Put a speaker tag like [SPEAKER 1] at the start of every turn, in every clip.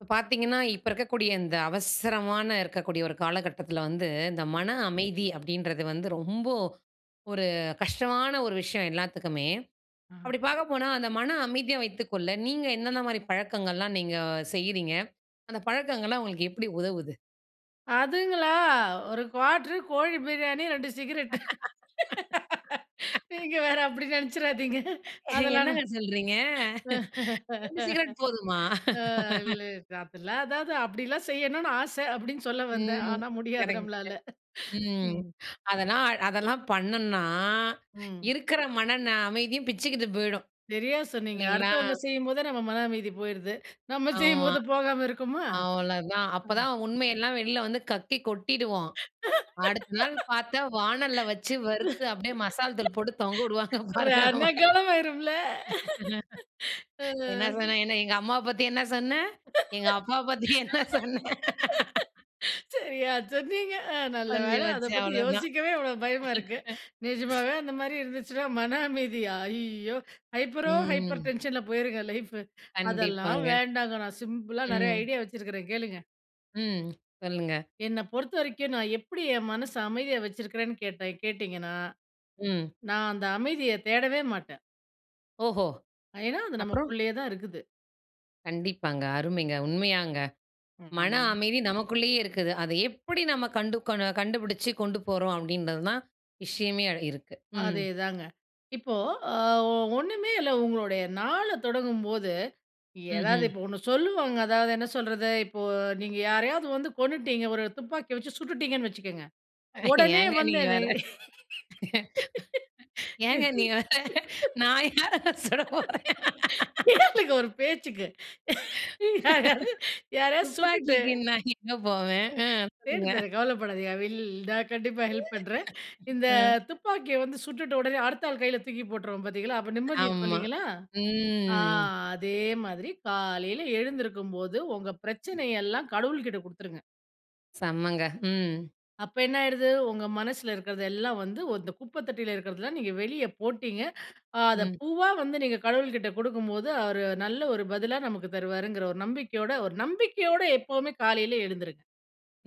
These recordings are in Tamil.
[SPEAKER 1] இப்போ பாத்தீங்கன்னா, இப்போ இருக்கக்கூடிய இந்த அவசரமான இருக்கக்கூடிய ஒரு காலகட்டத்துல வந்து, இந்த மன அமைதி அப்டீன்றது வந்து ரொம்போ, ஒரு கஷ்டமான ஒரு விஷயம் எல்லாத்துக்குமே.
[SPEAKER 2] அ.
[SPEAKER 1] அப்படி பார்க்க போனா, அந்த மன அமைதியா வைத்துக்கொள்ள, நீங்க என்னென்ன மாரி பழக்கங்கள்லாம் நீங்க செய்றீங்க? அந்த பழக்கங்கள்லாம் உங்களுக்கு எப்புடி உதவுது?
[SPEAKER 2] அதுங்களா? 1 quarter உ, கோழி பிரியாணி, 2 சிகிரெட். நீங்க வேற, அப்புடி நினைச்சுராதீங்க.
[SPEAKER 1] ஏ,
[SPEAKER 2] அதெல்லாம்
[SPEAKER 1] என்னங்க
[SPEAKER 2] நான்
[SPEAKER 1] சொல்றீங்க? 2 சிகரெட் போதுமா?
[SPEAKER 2] அ, இல்லெ. அதெல்லாம் அதாவது அப்டிலாம் செய்யணும்னு ஆசை. அப்டீன்னு சொல்ல வந்தேன்.
[SPEAKER 1] ம்.
[SPEAKER 2] ஆனா, முடியாது
[SPEAKER 1] கரெக்டு.
[SPEAKER 2] நம்மளால.
[SPEAKER 1] ம்.
[SPEAKER 2] ம்.
[SPEAKER 1] அதெல்லாம் அதெல்லாம் பண்ணோன்னா,
[SPEAKER 2] ம்.
[SPEAKER 1] இருக்குற மன ன அமைதியும் பிச்சிக்கிட்டு போய்டும்.
[SPEAKER 2] சரியா சொன்னீங்க.
[SPEAKER 1] இல்லீங்களா?
[SPEAKER 2] அடுத்தவங்க செய்யும்போதே நம்ம மன அமைதி போயிறுது. நம்ம
[SPEAKER 1] ஆமா.
[SPEAKER 2] செய்யும்போது போகாம இருக்குமா?
[SPEAKER 1] அவ்ளோதான்.
[SPEAKER 2] ஆ.
[SPEAKER 1] அப்போதான் உண்மையெல்லாம் வெளியில வந்து கக்கி, கொட்டிடுவோம். அடுத்த நாள் பாத்தா, வானல்ல வச்சு வறுத்து, அப்டீயே மசால் தூள் போட்டு தொங்க விடுவாங்க. பாருங்க,
[SPEAKER 2] ரண
[SPEAKER 1] நம்மள.
[SPEAKER 2] களம் ஆயிரும்ல? ஆ.
[SPEAKER 1] "என்ன சொன்ன? என்ன? எங்க அம்மாவ பத்தி என்ன சொன்ன? எங்க அப்பாவ பத்தி என்ன சொன்ன?"
[SPEAKER 2] சரியா சொன்னீங்க. நல்ல
[SPEAKER 1] முடிஞ்சு
[SPEAKER 2] வேலை. அத
[SPEAKER 1] போச்சு.
[SPEAKER 2] பத்தி
[SPEAKER 1] அவ்ளோதான்.
[SPEAKER 2] யோசிக்கவே இவ்ளோ பயமா இருக்கு. நிஜமாவே அந்த மாரி இருந்துச்சுன்னா, மன அமைதியா? ஐய்யோ! ஹைப்பரோ ஹைப்பர்
[SPEAKER 1] ம்.
[SPEAKER 2] டென்ஷன்ல போயிருங்க லைஃபு. அதெல்லாம்
[SPEAKER 1] கண்டிப்பாங்க.
[SPEAKER 2] வேண்டாங்க. நான் சிம்பிளா நெறைய
[SPEAKER 1] ம்.
[SPEAKER 2] ஐடியா வச்சிருக்கறேன், கேளுங்க.
[SPEAKER 1] ம். சொல்லுங்க.
[SPEAKER 2] என்ன பொறுத்த வரைக்கும், நான் எப்படி என் மனசு அமைதியா வச்சிருக்கிறேன்னு கேட்டா கேட்டிங்கன்னா?
[SPEAKER 1] ம்.
[SPEAKER 2] நான் அந்த அமைதிய தேடவே மாட்டேன்.
[SPEAKER 1] ஓஹோ!
[SPEAKER 2] ஏன்னா? அது
[SPEAKER 1] அப்புறம்.
[SPEAKER 2] நமக்குள்ளயே தான் இருக்குது.
[SPEAKER 1] கண்டிப்பாங்க, அருமைங்க. உண்மையாங்க.
[SPEAKER 2] ம்.
[SPEAKER 1] மன
[SPEAKER 2] ஆமாங்க.
[SPEAKER 1] அமைதி நமக்குள்ளயே இருக்குது. அத எப்படி நம்ம கண்டு கொண் கண்டுபிடிச்சு கொண்டு போறோம்? அப்படிங்கறது தான், விஷயமே அட இருக்கு. ம்.
[SPEAKER 2] அதேதாங்க, இப்போ, அ ஒண்ணுமே இல்ல. உங்களுடைய நாள தொடங்கும்போது ஏதாவது,
[SPEAKER 1] ம்ஹ்ம்.
[SPEAKER 2] இப்போ ஒண்ணு சொல்லுவாங்க. அதாவது என்ன சொல்றது? இப்போ, நீங்க யாரையாவது வந்து கொன்னுட்டீங்க. ஒரு துப்பாக்கிய வச்சு சுட்டுட்டீங்கன்னு வச்சுக்கங்க. உடனே
[SPEAKER 1] ஏங்க
[SPEAKER 2] வந்து
[SPEAKER 1] நீங்க
[SPEAKER 2] என்ன
[SPEAKER 1] வேற ஏங்க நீ வேற, நான் யாரை சுடப்போறேன்?
[SPEAKER 2] கேளுங்க, ஒரு பேச்சுக்கு யாராவது யாரையாவது சுட்டுட்டு
[SPEAKER 1] துப்பாக்கிக்கு நான் எங்க போவேன்? அ
[SPEAKER 2] தேடி
[SPEAKER 1] சொல்லுங்க.
[SPEAKER 2] தரேன் கவலைப்படாதீங்க. ஐ வில் நான் கண்டிப்பா ஹெல்ப் பண்ணுறேன். இந்த
[SPEAKER 1] அ
[SPEAKER 2] துப்பாக்கிய வந்து சுட்டுட்ட உடனே, அடுத்த ஆள் கையில தூக்கி போட்டுருவோம் பார்த்தீங்களா. அப்போ நிம்மதி இருக்கும்
[SPEAKER 1] ஆமா.
[SPEAKER 2] இல்லைங்களா. ஆ
[SPEAKER 1] ம்
[SPEAKER 2] அதே மாதிரி, காலையில எழுந்திருக்கும்போது உங்க பிரச்சனையெல்லாம் கடவுள்கிட்ட குடுத்துருங்க.
[SPEAKER 1] செம்மங்க. ம்.
[SPEAKER 2] அப்ப என்ன ஆயிடுது, உங்க மனசுல இருக்கிறது எல்லா வந்து வத்த இந்த குப்பை தொட்டியில இருக்கிறது எல்லாம் நீங்க வெளியே போட்டிங்க. அத
[SPEAKER 1] ம்.
[SPEAKER 2] பூவா வந்து நீங்க கடவுள்கிட்ட குடுக்கும்போது அவரு நல்ல ஒரு பதிலா நமக்கு தருவாருங்கிற ஒரு நம்பிக்கையோட ஒரு நம்பிக்கையோட எப்போமே காலையில எழுந்துருங்க.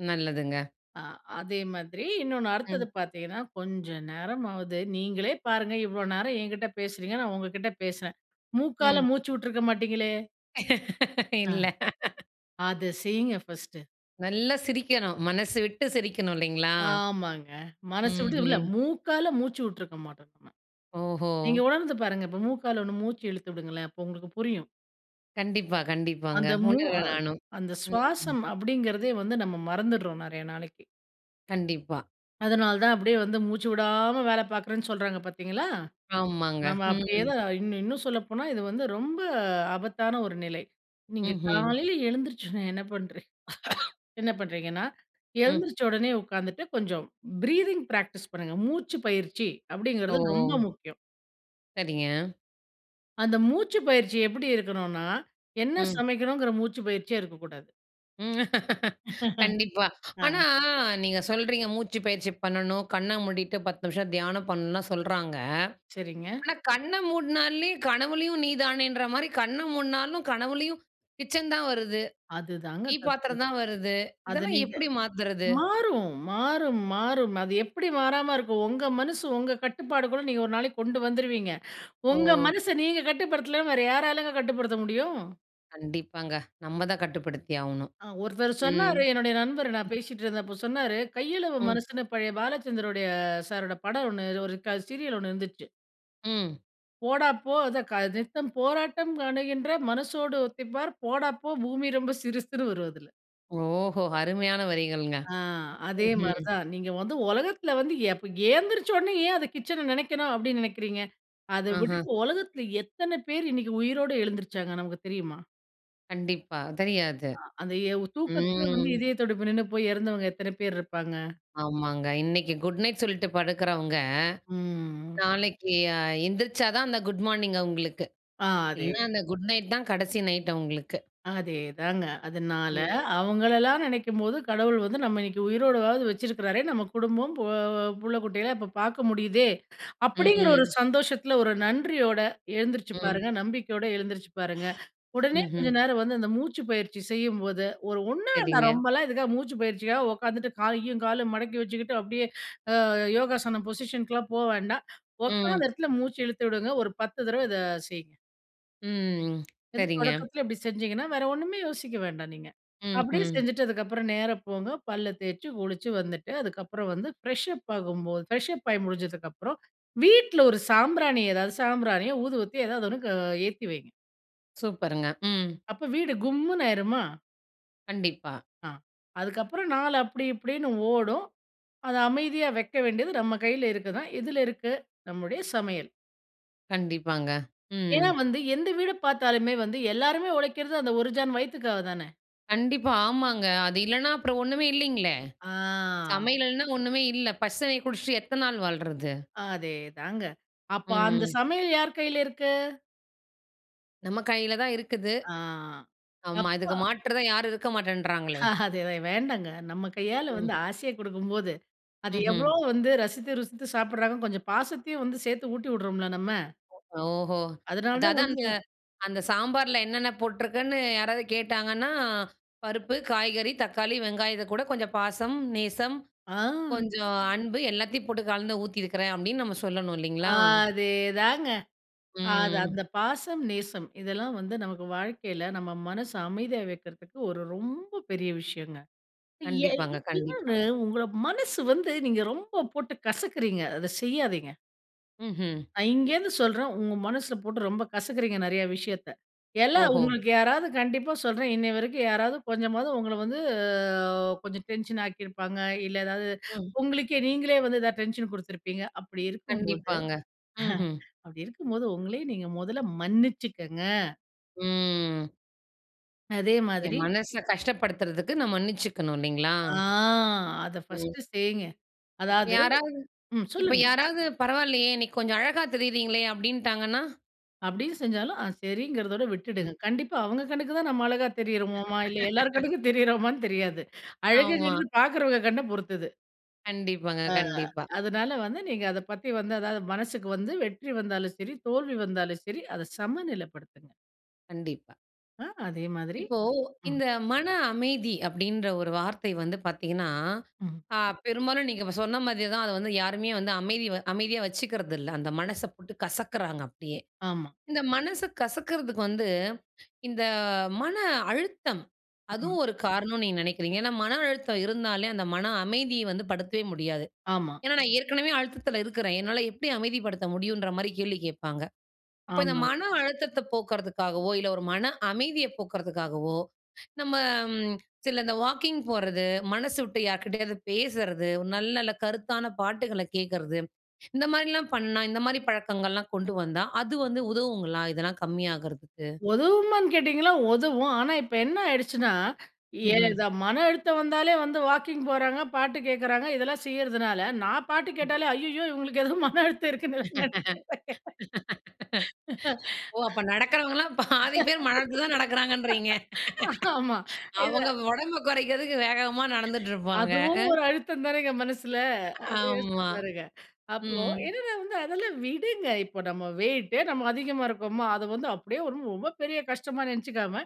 [SPEAKER 1] நல்லதுங்க.
[SPEAKER 2] அ! அதே மாதிரி இன்னொன்னு
[SPEAKER 1] ம்.
[SPEAKER 2] அடுத்தது பார்த்தீங்கன்னா. கொஞ்சம் நேரம் ஆவது நீங்களே பாருங்க இவ்வளோ நேரம் என்கிட்டே பேசுகிறீங்க, நான் உங்ககிட்ட பேசுறேன் மூக்கால
[SPEAKER 1] ம்.
[SPEAKER 2] மூச்சு விட்டுருக்க மாட்டீங்களே? அ.
[SPEAKER 1] இல்ல.
[SPEAKER 2] அத செய்யுங்க பஸ்ட்டு.
[SPEAKER 1] நல்ல சிரிக்கணும், மனசு விட்டு சிரிக்கணும் இல்லைங்களா?
[SPEAKER 2] ஆமாங்க. மனசு விட்டு இல்ல
[SPEAKER 1] ம்ஹ்ம்.
[SPEAKER 2] [unintelligible] மூக்கால மூச்சுவுட்டுருக்க மாட்டோம் நம்ம.
[SPEAKER 1] ஓஹோ!
[SPEAKER 2] நீங்க உணர்ந்து பாருங்க இப்ப மூக்கால ஒண்ணு மூச்சு இழுத்து விடுங்களேன் அப்போ உங்களுக்கு புரியும்.
[SPEAKER 1] கண்டிப்பா. கண்டிப்பாங்க!
[SPEAKER 2] அந்த மூ அ
[SPEAKER 1] உணர்றேன் நானும்.
[SPEAKER 2] அந்த
[SPEAKER 1] ம்.
[SPEAKER 2] சுவாசம் அப்படிங்கிறதே வந்து நம்ம மறந்துடுறோம் நிறைய நாளைக்கு.
[SPEAKER 1] கண்டிப்பா.
[SPEAKER 2] அதனால் தான் அப்படியே வந்து மூச்சு விடாம வேலை பார்க்குறேன்னு சொல்றாங்க பார்த்தீங்களா!
[SPEAKER 1] ஆமாங்க.
[SPEAKER 2] நம்ம அப்படியே
[SPEAKER 1] ம்.
[SPEAKER 2] தான் இன்னு இன்னும் சொல்லப்போனா இது வந்து ரொம்ப ஆபத்தான ஒரு நிலை. நீங்க
[SPEAKER 1] ம்ஹ்ம்.
[SPEAKER 2] காலையில எழுத்துருச்சுண்ணே என்ன பண்ணுறீங்க என்ன பண்ணுறீங்கன்னா,
[SPEAKER 1] ம்.
[SPEAKER 2] எழுந்திரிச்ச உடனே உட்காந்துட்டு கொஞ்சம் ப்ரீத்திங் ப்ராக்டிஸ் பண்ணுங்க "மூச்சு பயிற்சி" அப்படிங்கிறது ரொம்ப
[SPEAKER 1] ஓ!
[SPEAKER 2] முக்கியம்.
[SPEAKER 1] சரிங்க.
[SPEAKER 2] அந்த மூச்சு பயிற்சி எப்படி இருக்கணுன்னா, என்ன
[SPEAKER 1] ம்.
[SPEAKER 2] சமைக்கணும்ங்கிற மூச்சு பயிற்சியே இருக்கக்கூடாது.
[SPEAKER 1] கண்டிப்பா.
[SPEAKER 2] ஆ.
[SPEAKER 1] நீங்க சொல்றீங்க மூச்சு பயிற்சி பண்ணணும். கண்ண மூடிட்டு 10 நிமிசம் தியானம் பண்ணணும்னுலா சொல்றாங்க.
[SPEAKER 2] சரிங்க.
[SPEAKER 1] ஆனா கண்ண மூட்னாலே கனவிலயும் நீ தானேன்ற மாதிரி கண்ண மூடினாலும், கனவிலும் கிச்சன் தான் வருது.
[SPEAKER 2] அதுதாங்க
[SPEAKER 1] டீ
[SPEAKER 2] தப்பு.
[SPEAKER 1] பாத்திரம் தான் வருது.
[SPEAKER 2] அது
[SPEAKER 1] இதெல்லாம்
[SPEAKER 2] நீங்க
[SPEAKER 1] எப்படி மாத்தறது?
[SPEAKER 2] மாறும், மாறும், மாறும். அது எப்படி மாறாம இருக்கும். உங்க மனசு உங்க கட்டுப்பாடுக்குள்ள. நீங்க 1 நாளைக்கு கொண்டு வந்துருவீங்க உங்க
[SPEAKER 1] ஓ!
[SPEAKER 2] மனச நீங்க கட்டுப்படுத்தல வேற யாராலங்க கட்டுப்படுத்த முடியும்.
[SPEAKER 1] கண்டிப்பாங்க. நம்ம தான் கட்டுப்படுத்தி ஆகணும்.
[SPEAKER 2] அ ஒருத்தர்
[SPEAKER 1] ம்
[SPEAKER 2] சொன்னாரு, என்னுடைய நண்பர் நான் பேசிட்டு இருந்தப்போ சொன்னாரு. கையளவு
[SPEAKER 1] ம்.
[SPEAKER 2] மனசுன்னு, பழைய பாலச்சந்தருடுய சாரோட படம் ஒண்ணு ஒரு க சீரியல் ஒண்ணு இருந்துச்சு.
[SPEAKER 1] ம்.
[SPEAKER 2] போடாப்போ, அதான் க நித்தம் போராட்டம் காணுகின்ற மனசோடு ஒத்தி பார். போடாப்போ பூமி ரொம்ப சிறுசுன்னு வரும் அதுல.
[SPEAKER 1] ஓஹோ! அருமையான வரிகள்ங்க.
[SPEAKER 2] ஆ அதே
[SPEAKER 1] ம்ஹ்ம்.
[SPEAKER 2] மாரிதான். நீங்க வந்து ஒலகத்தில வந்து எ ப எழுந்திரிச்சோன்னே ஏன் அத கிச்சனை நினைக்கணும்? அப்படின்னு நினைக்கிறீங்க. அத
[SPEAKER 1] ஆஹ.
[SPEAKER 2] விட்டுட்டு உலகத்தில எத்தனை பேர் இன்னைக்கு உயிரோடு எழுந்துருச்சாங்க. நமக்கு தெரியுமா?
[SPEAKER 1] கண்டிப்பா. தெரியாது.
[SPEAKER 2] அ அந்த எவ் தூக்கத்தில வந்து
[SPEAKER 1] ம்.
[SPEAKER 2] இதய துடிப்பு நின்னு போய் இறந்தவங்க எத்தன பேர் இருப்பாங்க?
[SPEAKER 1] ஆமாங்க. இன்னைக்கி குட் நைட் சொல்லிட்டு படுக்கிறவங்க,
[SPEAKER 2] ம்.
[SPEAKER 1] நாளைக்கு அ எந்திரிச்சா தான் அந்த குட் மார்னிங் அவுங்களுக்கு,
[SPEAKER 2] ஆ அதே
[SPEAKER 1] இல்ல அந்த
[SPEAKER 2] தான்.
[SPEAKER 1] குட் நைட் தான் கடைசி நைட் அவுங்களுக்கு.
[SPEAKER 2] அதே தாங்க. அதனால,
[SPEAKER 1] ம்.
[SPEAKER 2] அவுங்களலாம் நினைக்கும்போது, கடவுள் வந்து நம்ம இன்னக்கி உயிரோடவாவது வச்சிருக்கிறாரே! நம்ம குடும்பம் போ புள்ள குட்டிகளெல்லம் இப்ப பார்க்க முடியுதே!
[SPEAKER 1] ம்,
[SPEAKER 2] அப்படீங்கிற 1
[SPEAKER 1] ம்.
[SPEAKER 2] சந்தோஷத்தில 1 நன்றியோட எழுந்துருச்சு
[SPEAKER 1] ம்.
[SPEAKER 2] பாருங்க. நம்பிக்கையோட எழுந்திரிச்சு பாருங்க. உடனே
[SPEAKER 1] ம்ஹ்ம்.
[SPEAKER 2] கொஞ்சம் நேரம் வந்து அந்த மூச்சு பயிற்சி செய்யும்போது, 1 ஒன்னா நான்
[SPEAKER 1] சரிங்க.
[SPEAKER 2] ரொம்பலாம் இதுக்காக மூச்சு பயிற்சிக்காக உக்காந்துட்டு காலையும் காலும் மடக்கி வச்சுக்கிட்டு அப்டீயே அ யோகாசனம் பொசிஷனு க்குலாம் போ வேண்டாம். உட்காந்த
[SPEAKER 1] ம்.
[SPEAKER 2] இடத்துல மூச்சு இழுத்து விடுங்க. 1 10 தடவ இத செய்ங்க.
[SPEAKER 1] ம்.
[SPEAKER 2] இது
[SPEAKER 1] சரிங்க.
[SPEAKER 2] தொடக்கத்தில இப்பிடி செஞ்சிங்கன்னா, வேற ஒன்னுமே யோசிக்க வேண்டாம் நீங்க.
[SPEAKER 1] ம்,
[SPEAKER 2] அப்டீயே
[SPEAKER 1] ம்.
[SPEAKER 2] செஞ்சிட்டதுக்கு அப்புறம் நேரா போங்க, பல்ல தேச்சு குளிச்சு வந்துட்டு, அதுக்கப்புறம் வந்து ஃப்ரெஷப் ஆகும்போது, ஃப்ரெஷப் ஆயி முடிஞ்சதுக்கப்புறம் வீட்ல 1 சாம்பிராணி, எதாவது சாம்பிராணியோ, ஊதுபத்தியோ எதாவது 1 க ஏத்தி வைங்க.
[SPEAKER 1] சூப்பருங்க! ம்.
[SPEAKER 2] அப்ப வீடு கும்முன்னு ஆயிருமா?
[SPEAKER 1] கண்டிப்பா.
[SPEAKER 2] ஆ அதுக்கு அப்புறம் நாள் அப்டி, இப்டீன்னு ஓடும். அத அமைதியா வைக்க வேண்டியது, நம் கையில இருக்கு தான். எதுல இருக்கு? நம்முடைய சமையல்.
[SPEAKER 1] கண்டிப்பாங்க.
[SPEAKER 2] ஏன்னா,
[SPEAKER 1] ம்.
[SPEAKER 2] வந்து எந்த வீடு பார்த்தாலுமே வந்து, எல்லாருமே உழைக்கிறது, அந்த 1 ஜான் வயித்துக்காக தானே?
[SPEAKER 1] கண்டிப்பா, ஆமாங்க. அது இல்லன்னா, அப்புறம் ஒண்ணுமே இல்லேங்களே!
[SPEAKER 2] ஆ.
[SPEAKER 1] சமையல் இல்லன்னா, ஒண்ணுமே இல்ல. பச்ச தண்ணீய குடிச்சிட்டு எத்தன நாள் வாழ்றது?
[SPEAKER 2] அதே தாங்க. அப்ப அந்த
[SPEAKER 1] ம்.
[SPEAKER 2] சமையல் யார் கையில இருக்கு?
[SPEAKER 1] நம்ம கையில தான் இருக்குது.
[SPEAKER 2] ஆ.
[SPEAKER 1] ஆமா. இதுக்கு
[SPEAKER 2] அப்ப
[SPEAKER 1] மாற்று தான், யாரும் இருக்க மாட்டேன்றாங்களே?
[SPEAKER 2] அ அதுதான் வேண்டாங்க. நம்ம கையால
[SPEAKER 1] ம்.
[SPEAKER 2] வந்து ஆசையா கொடுக்கும்போது, அது எவ்ளோ
[SPEAKER 1] ம்ஹ்ம்.
[SPEAKER 2] வந்து ரசித்து, ருசித்து சாப்பிடுறாங்க. கொஞ்சம் பாசத்தையும் வந்து சேர்த்து ஊட்டி விடுறோம்ல, நம்ம.
[SPEAKER 1] ஓஹோ!
[SPEAKER 2] அதனால தான்
[SPEAKER 1] அதாவது
[SPEAKER 2] வந்து
[SPEAKER 1] அந்த அந்த சாம்பார்ல என்னென்ன போட்டுருக்குன்னு யாராவது கேட்டாங்கன்னா, "பருப்பு, காய்கறி, தக்காளி, வெங்காயத்துக்கூட கொஞ்சம் பாசம், நேசம்,
[SPEAKER 2] ஆ.
[SPEAKER 1] கொஞ்சம் அன்பு எல்லாத்தையும் போட்டு கலந்து ஊத்தியிருக்கிறேன்." அப்டீன்னு நம்ம சொல்லணும், இல்லீங்களா?
[SPEAKER 2] அதே தாங்க. அது
[SPEAKER 1] ம்.
[SPEAKER 2] அந்த பாசம், நேசம். இதெல்லாம் வந்து நமக்கு வாழ்க்கையில, நம்ம மனசு அமைதியா வைக்கிறதுக்கு, ஒரு ரொம்ப பெரிய விஷயங்க. எ
[SPEAKER 1] கண்டிப்பாங்க, கண்டிப்பா.
[SPEAKER 2] இன்னொன்னு உங்கள மனசு வந்து நீங்க ரொம்ப போட்டு கசக்குறீங்க. அத செய்யாதீங்க.
[SPEAKER 1] ம்ஹ்ம்.
[SPEAKER 2] நான் இங்கேருந்து சொல்றேன், உங்க மனசுல போட்டு ரொம்ப கசக்குறீங்க நெறைய விஷயத்த. எல்லாம்
[SPEAKER 1] ஓஹோ!
[SPEAKER 2] உங்களுக்கு யாராவது கண்டிப்பா சொல்றேன், இன்னைய வரைக்கும் யாராவது, கொஞ்சமாவது உங்கள வந்து, அ கொஞ்சம் டென்ஷன் ஆக்கிருப்பாங்க, இல்ல எதாவது
[SPEAKER 1] ம்.
[SPEAKER 2] உங்களுக்கே நீங்களே வந்து ஏதாவது டென்ஷன் குடுத்துருப்பீங்க, அப்டி இருக்கும்போது
[SPEAKER 1] கண்டிப்பாங்க. ம்ஹ்ம்.
[SPEAKER 2] அப்டி இருக்கும்போது, ஒங்களையே நீங்க மொதல்ல மன்னிச்சுக்கங்க.
[SPEAKER 1] ம்.
[SPEAKER 2] அதே
[SPEAKER 1] என்
[SPEAKER 2] மாதிரி
[SPEAKER 1] மனச கஷ்டப்படுத்துறதுக்கு, நான் மன்னிசிச்சுக்கணும்! இல்லைங்களா?
[SPEAKER 2] ஆ அத
[SPEAKER 1] ம்.
[SPEAKER 2] ஃபர்ஸ்ட்டு செய்ங்க.
[SPEAKER 1] இப்ப
[SPEAKER 2] அதாவது
[SPEAKER 1] யாராவது
[SPEAKER 2] ம்
[SPEAKER 1] இப்ப
[SPEAKER 2] சொல்லுங்க.
[SPEAKER 1] யாராவது பரவால்லையே! இன்னைக்கி கொஞ்சம் அழகா தெரியிறீங்களே! அப்டீன்ட்டாங்கன்னா?
[SPEAKER 2] அப்டின்னு செஞ்சாலும், அ செரிங்றதோட விட்டுடுங்க.
[SPEAKER 1] ம்.
[SPEAKER 2] கண்டிப்பா அவங்க கண்ணுக்கு தான் நம்ம அழகா தெரியிறோமோமா, இல்ல எல்லார் கண்ணுக்கும் தெரியிறோமான்னு தெரியாது.
[SPEAKER 1] ஆமா.
[SPEAKER 2] அழகுங்கறது பாக்குறவங்க கண்ண பொறுத்தது.
[SPEAKER 1] கண்டிப்பாங்க,
[SPEAKER 2] அ,
[SPEAKER 1] கண்டிப்பா.
[SPEAKER 2] அதனால வந்து நீங்க அத பத்தி வந்து அதாவது மனசுக்கு வந்து வெற்றி வந்தாலும் சரி, தோல்வி வந்தாலும் சரி அத சமநிலைப்படுத்துங்க.
[SPEAKER 1] கண்டிப்பா.
[SPEAKER 2] ஆ, அதே மாதிரி
[SPEAKER 1] இப்போ
[SPEAKER 2] ம்.
[SPEAKER 1] இந்த மன அமைதி அப்டீன்ற ஒரு வார்த்தை வந்து பார்த்தீங்கன்னா,
[SPEAKER 2] ம்ஹ்ம்.
[SPEAKER 1] அ பெரும்பாலும் நீங்க இப்ப சொன்ன மாதியே தான் அத வந்து யாருமே வந்து அமைதி அமைதியா வச்சுக்கறது இல்ல. அந்த மனச போட்டு கசக்குறாங்க அப்டியே.
[SPEAKER 2] ஆமா.
[SPEAKER 1] இந்த மனச கசக்குறதுக்கு வந்து, இந்த மன அழுத்தம்
[SPEAKER 2] ம்.
[SPEAKER 1] அதுவும் ஒரு காரணம்ன்னு நீங்க நெனைக்கிறீங்க. ஏன்னா மன அழுத்தம் இருந்தாலே, அந்த மன அமைதிய வந்து, படுத்தவே முடியாது.
[SPEAKER 2] ஆமா.
[SPEAKER 1] ஏன்னா நான் ஏற்கனவே அழுத்தத்துல இருக்கிறேன். என்னால எப்டி அமைதிப்படுத்த முடியும்ன்ற மாதிரி கேள்வி கேப்பாங்க. அப்போ இந்த
[SPEAKER 2] ஆமாங்க.
[SPEAKER 1] மன அழுத்தத்த போக்குறதுக்காகவோ, இல்ல ஒரு மன அமைதிய போக்குறதுக்காகவோ, நம்ம ம் சில இந்த வாக்கிங் போறது, மனசு விட்டு யார்க்கிட்டயாவது பேசுறது, ஒரு நல்ல, நல்ல கருத்தான பாட்டுகள கேக்குறது இந்த மாதிரிலாம் பண்ணா, இந்த மாதிரி பழக்கங்கள்லாம் கொண்டு வந்தா அது வந்து உதவுங்களா இதெல்லாம் கம்மியாகுறதுக்கு?
[SPEAKER 2] உதவுமான்னு கேட்டிங்கன்னா ஒதவும். ஆனா இப்ப என்ன ஆயிடுச்சுன்னா, எ
[SPEAKER 1] ம்ஹ்ம்.
[SPEAKER 2] த மன அழுத்தம் வந்தாலே, வந்து வாக்கிங் போறாங்க, பாட்டு கேக்கறாங்க இதெல்லாம் செய்யறதுனால நான் பாட்டு
[SPEAKER 1] ம்.
[SPEAKER 2] கேட்டாலே ஐய்யயோ! இவுங்களுக்கு ஏதோ மன அழுத்தம் இருக்குன்னு நான் நெனைக்றேன்.
[SPEAKER 1] ஓ! அப்ப நடக்றவங்கல்லாம் பாதி பேரு மன அழுத்தத்தில தான் நடக்றாங்கன்றீங்க.
[SPEAKER 2] ஆமா. இத
[SPEAKER 1] அவங்க ஒடம்ப கொறைக்கிறதுக்கு வேகமா நடந்துட்டு இருப்பாங்க
[SPEAKER 2] அதுவும்
[SPEAKER 1] ஆ.
[SPEAKER 2] ஒரு அழுத்தம் தானேங்க மனசில, அத யோசிச்சு
[SPEAKER 1] ஆமா.
[SPEAKER 2] பாருங்க. அப்போ
[SPEAKER 1] ம்.
[SPEAKER 2] என்னென்ன வந்து அதெல்லாம் விடுங்க. இப்போ நம்ம வெயிட்டே நம்ம அதிகமா இருக்கோமா, அத வந்து அப்டியே ஒரு ரொம்ப பெரிய கஷ்டமா நெனச்சிக்காம,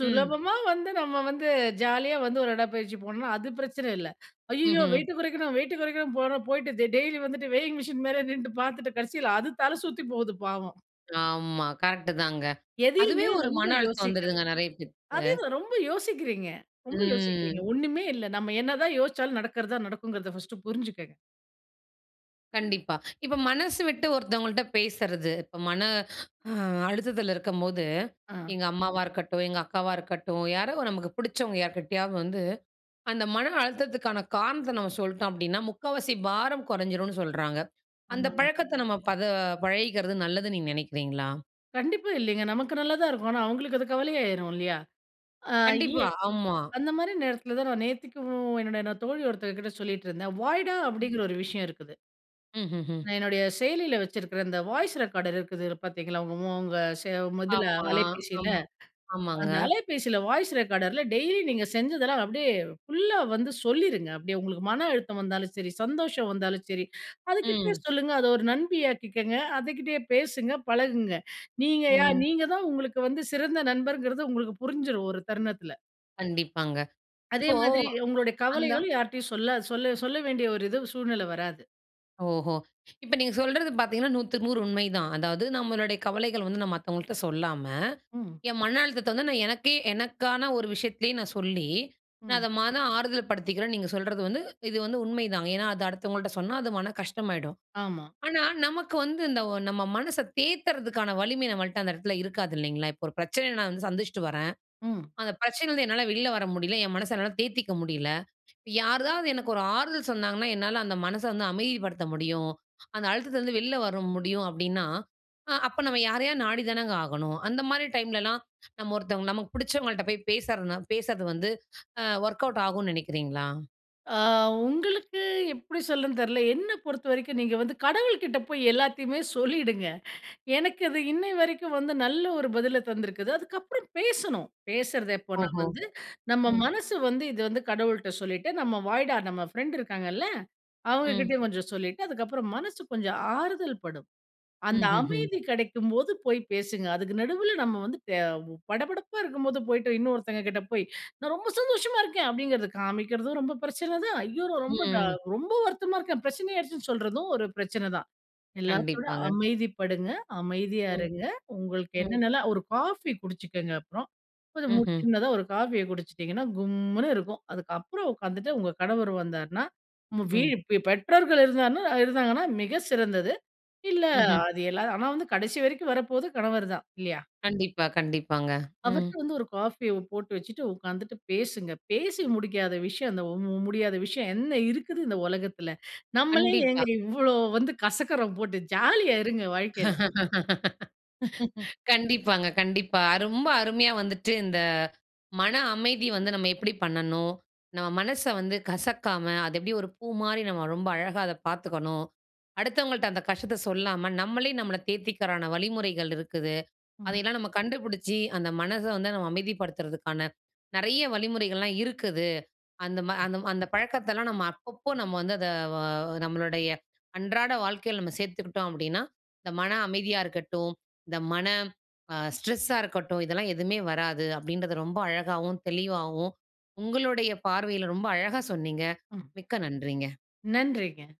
[SPEAKER 1] ம்.
[SPEAKER 2] வந்து நம்ம வந்து ஜாலியா வந்து ஒரு உடப்பயிற்சி போனோன்னா, அது பிரச்சன இல்ல. ஐய்யயோ!
[SPEAKER 1] ம்ஹ்ம்.
[SPEAKER 2] வெயிட்ட குறைக்கணும்! வெயிட்ட குறைக்கணுன்! போறோம். போய்ட்டு, தெ டெய்லி வந்துட்டு வெயிங் மிஷின் மேலயே நின்னுட்டு பாத்துட்டு, கடைசியில அது தல சுத்தி போவுது பாவம்.
[SPEAKER 1] ஆமா கரெக்ட்டு தாங்க. அதுவே
[SPEAKER 2] எதையுமே
[SPEAKER 1] ஒரு
[SPEAKER 2] ரொம்ப
[SPEAKER 1] மன அழுத்தம்
[SPEAKER 2] யோசிக்காதி
[SPEAKER 1] வந்துருதுங்க, நெறைய பேத்துக்கு.
[SPEAKER 2] அதே தான் ரொம்ப யோசிக்கிறீங்க ரொம்ப யோசிக்கிறீங்க,
[SPEAKER 1] ம்.
[SPEAKER 2] ஒண்ணுமே இல்ல. நம்ம என்ன தான் யோசிச்சாலும் நடக்றதா, நடக்குங்றத ஃபர்ஸ்ட்டு புரிஞ்சுக்கங்க.
[SPEAKER 1] கண்டிப்பா. இப்ப மனசு விட்டு ஒருத்தவங்கள்ட்ட பேசுறது, இப்ப மன அ அழுத்தத்தில இருக்கும்போது,
[SPEAKER 2] ஆ.
[SPEAKER 1] எங்க அம்மாவா இருக்கட்டும், எங்க அக்காவா இருக்கட்டும், யாரோ! நமக்கு பிடிச்சவங்க யார்க்கிட்டயாவது வந்து அந்த மன அழுத்தத்துக்கான காரணத்த நம்ம சொல்ட்டோம் அப்பிடின்னா, முக்காவாசி பாரம் குறைஞ்சிருன்னு சொல்றாங்க. அந்த
[SPEAKER 2] ஆமாங்க.
[SPEAKER 1] பழக்கத்த நம்ம பத பழகிக்கிறது நல்லதுன்னு நீங்க நினைக்கிறீங்களா?
[SPEAKER 2] கண்டிப்பா இல்லிங்க. நமக்கு நல்லா தான் இருக்கும். ஆனா, அவுங்களுக்கு அது கவலையாயிரும் இல்லியா! அ இ
[SPEAKER 1] கண்டிப்பா. ஆமா.
[SPEAKER 2] அந்தமாரி நேரத்திலதான் நான் நேத்திக்கும் என்னோட தோழி ஒருத்தங்கக்கிட்ட சொல்லிட்டு இருந்தேன்.
[SPEAKER 1] ம்.
[SPEAKER 2] "வாய்டா!"அப்பிடிங்கிற ஒரு விஷயம் இருக்குது.
[SPEAKER 1] ம்ஹ்ம், ம்.
[SPEAKER 2] நான் என்னுடைய செயலில வச்சிருக்கிற இந்த வாய்ஸ் ரெக்கார்டர் இருக்குதுல பார்த்தீங்களா, உங்க ம் உங்க செ இதல,
[SPEAKER 1] ஆமா, ஆ,
[SPEAKER 2] அலைபேசில.
[SPEAKER 1] ஆமாங்க.
[SPEAKER 2] அந்த அலைபேசில வாய்ஸ் ரெக்கார்டர்ல, டெய்லி நீங்க செஞ்சதெல்லாம் அப்பிடியே ஃபுல்லா வந்து சொல்லிருங்க! அப்பிடியே உங்களுக்கு மன அழுத்தம் வந்தாலும் சரி, சந்தோஷம் வந்தாலும் சரி, அதுக்கிட்ட
[SPEAKER 1] ம்.
[SPEAKER 2] சொல்லுங்க, அது ஒரு நண்பியாகக்கிக்கங்க! அதுக்கிட்டயே பேசுங்க. பழகுங்க. நீங்க யார்?
[SPEAKER 1] ம்.
[SPEAKER 2] நீங்க தான் உங்களுக்கு வந்து சிறந்த நண்பர்ங்கிறது உங்களுக்கு புரிஞ்சிரும் ஒரு தருணத்தில.
[SPEAKER 1] கண்டிப்பாங்க.
[SPEAKER 2] அதே
[SPEAKER 1] இப்போ
[SPEAKER 2] மாதிரி உங்களுடைய
[SPEAKER 1] அந்த
[SPEAKER 2] கவலைகள் யார்ட்டயும் சொல்லாது சொல்ல-சொல்ல வேண்டிய ஒரு இது சூழ்நிலை வராது.
[SPEAKER 1] ஓஹோ! இப்ப நீங்க சொல்றது பார்த்தீங்கன்னா, 100க்கு 100 உண்மை தான். அதாவது நம்மளுடைய கவலைகள் வந்து நான் மத்தவங்கள்ட்ட சொல்லாம,
[SPEAKER 2] ம்.
[SPEAKER 1] என் மன அழுத்தத்த வந்து நான் எனக்கே, எனக்கான ஒரு விஷயத்துலே நான் சொல்லி, நான்
[SPEAKER 2] ம்.
[SPEAKER 1] அத மனம் ஆறுதல் படுத்திக்கிறேன். நீங்க சொல்றது வந்து இது வந்து உண்மை தாங்க. ஏன்னா, அது அடுத்தவங்கள்ட்ட சொன்னா, அது மனம் கஷ்டமாயிடும்.
[SPEAKER 2] ஆமா.
[SPEAKER 1] ஆனா, நமக்கு வந்து இந்த நம்ம மனச தேத்துறதுக்கான வலிமை நம்மள்ட்ட அந்த இடத்தில இருக்காது இல்லேங்களா! இப்ப ஒரு பிரச்சனைய நான் வந்து சந்திச்சிட்டு வரேன்.
[SPEAKER 2] ம்.
[SPEAKER 1] அந்த பிரச்சனையிலருந்து என்னால வெளில வர முடியல. என் மனச என்னால தேத்திக்க முடியல. யாராவது எனக்கு ஒரு ஆறுதல் சொன்னாங்கன்னா, என்னால அந்த மனச வந்து அமைதிப்படுத்த முடியும். அந்த அழுத்தத்தில இருந்து வெளில வர முடியும் அப்பிடின்னா, அ அப்ப நம்ம யாரையா நாடி தானங்க ஆகணும். அந்தமாரி டைம்லலாம் நம்ம ஒருத்தவங்க நமக்கு பிடிச்சவங்கள்ட்ட போய் பேசுறனா, பேசுறது வந்து அ ஒர்க் அவுட் ஆகுன்னு நினைக்கிறீங்களா?
[SPEAKER 2] ஆ உங்களுக்கு எப்பிடி சொல்லன்னு தெரியல. என்னப் பொறுத்த வரைக்கும் நீங்க வந்து கடவுள்க்கிட்ட போய் எல்லாத்தையுமே சொல்லிடுங்க எனக்கு அது இன்னைய வரைக்கும் வந்து நல்ல ஒரு பதில தந்திருக்குது. அதுக்கப்புறம் பேசணும். பேசுறது எப்போன்னா
[SPEAKER 1] ஓஹோ!
[SPEAKER 2] வந்து, நம்ம
[SPEAKER 1] ம்.
[SPEAKER 2] மனசு வந்து இது வந்து கடவுள்ட்ட சொல்லிட்டு, நம்ம வாய்டா! நம்ம ஃப்ரெண்ட் இருக்காங்கல்ல, அவுங்க
[SPEAKER 1] ம்.
[SPEAKER 2] கிட்டயும் கொஞ்சம் சொல்லிட்டு, அதுக்கப்புறம் மனசு கொஞ்சம் ஆறுதல் படும். அந்த
[SPEAKER 1] ம், ம், ம்.
[SPEAKER 2] அமைதி கிடைக்கும்போது, போய் பேசுங்க. அதுக்கு நடுவுல நம்ம வந்து தேவ் படபடப்பா இருக்கும்போது, போயிட்டு இன்னொருத்தவங்க கிட்ட போய், நான் ரொம்ப சந்தோஷமா இருக்கேன். அப்பிடிங்கிறத காமிக்கிறதும் ரொம்ப பிரச்சன தான். ஐயோ! நான் ரொம்ப டா!
[SPEAKER 1] ம்.
[SPEAKER 2] ரொம்ப வருத்தமா இருக்கேன். பிரச்சனை ஆயிருச்சுன்னு சொல்றதும், ஒரு பிரச்சனை தான். எல்லாத்தையும் விட
[SPEAKER 1] கண்டிப்பாங்க.
[SPEAKER 2] அமைதிப்படுங்க. அமைதியா
[SPEAKER 1] ம்.
[SPEAKER 2] இருங்க. உங்களுக்கு
[SPEAKER 1] ம்.
[SPEAKER 2] என்னென்னலாம் ஒரு காஃபி குடிச்சுக்கங்க. அப்புறம் [unintelligible] கொஞ்சம்
[SPEAKER 1] ம்ஹ்ம்.
[SPEAKER 2] சின்னதா ஒரு காஃபிய குடிச்சிட்டீங்கன்னா, கும்முனு இருக்கும். அதுக்கப்புறம் உக்காந்துட்டு, உங்க கணவர் வந்தார்ன்னா, நம்ம வீ
[SPEAKER 1] ம்.
[SPEAKER 2] பெ பெற்றோர்கள் இருந்தார்ன்னா, இருந்தாங்கன்னா மிக சிறந்தது. இல்ல
[SPEAKER 1] ம்ஹ்ம்.
[SPEAKER 2] அது எல்லாம் ஆனா வந்து கடைசி வரைக்கும் வரப்போறது கணவர் தான் இல்லயா!
[SPEAKER 1] கண்டிப்பா, கண்டிப்பாங்க. ம்.
[SPEAKER 2] அவர்ட்ட வந்து ஒரு காஃபிய போட்டு வச்சுட்டு உட்கார்ந்துட்டு பேசுங்க. பேசி முடிக்காத விஷயம், அந்த மு மு முடியாத விஷயம் என்ன இருக்குது? இந்த உலகத்தில. நம்மளே
[SPEAKER 1] கண்டிப்பா.
[SPEAKER 2] ஏங்க இவ்ளோ வந்து கசக்கிறோம் போட்டு. ஜாலியா இருங்க. வாழ்க்கையில.
[SPEAKER 1] கண்டிப்பாங்க. கண்டிப்பா. ரொம்ப அருமையா வந்துவிட்டு இந்த மன அமைதி வந்து நம்ம எப்பிடி பண்ணணும். நம்ம மனச வந்து கசக்காம, அது எப்பிடி ஒரு பூமாரி நம்ம ரொம்ப அழகா அத பாத்துக்கணும். அடுத்தவங்கள்ட்ட அந்த கஷ்டத்த சொல்லாம, நம்மளே, நம்மள தேத்திக்கிறதுக்கான வழிமுறைகள் இருக்குது. அத
[SPEAKER 2] ம்.
[SPEAKER 1] எல்லாம் நம்ம கண்டுபிடிச்சு, அந்த மனச வந்து நம்ம அமைதிப்படுத்துறதுக்கான நிறைய வழிமுறைகள்லாம் இருக்குது. அந்த, ம
[SPEAKER 2] ம்.
[SPEAKER 1] அந்த, அந்த பழக்கத்தெல்லாம் நம்ம அப்பப்போ நம்ம வந்து அத வ நம்மளுடைய அன்றாட வாழ்க்கையில நம்ம சேர்த்துக்கிட்டோம் அப்பிடின்னா, இந்த மனம் அமைதியா இருக்கட்டும், இந்த மன ஆ ஸ்ட்ரெஸ்ஸா இருக்கட்டும். இதெல்லாம் எதுமே வராது. அப்பிடின்றத ரொம்ப அழகாவும், தெளிவாவும் உங்களுடைய பார்வையில ரொம்ப அழகா சொன்னீங்க.
[SPEAKER 2] ம்.
[SPEAKER 1] மிக்க நன்றிங்க.
[SPEAKER 2] நன்றிங்க.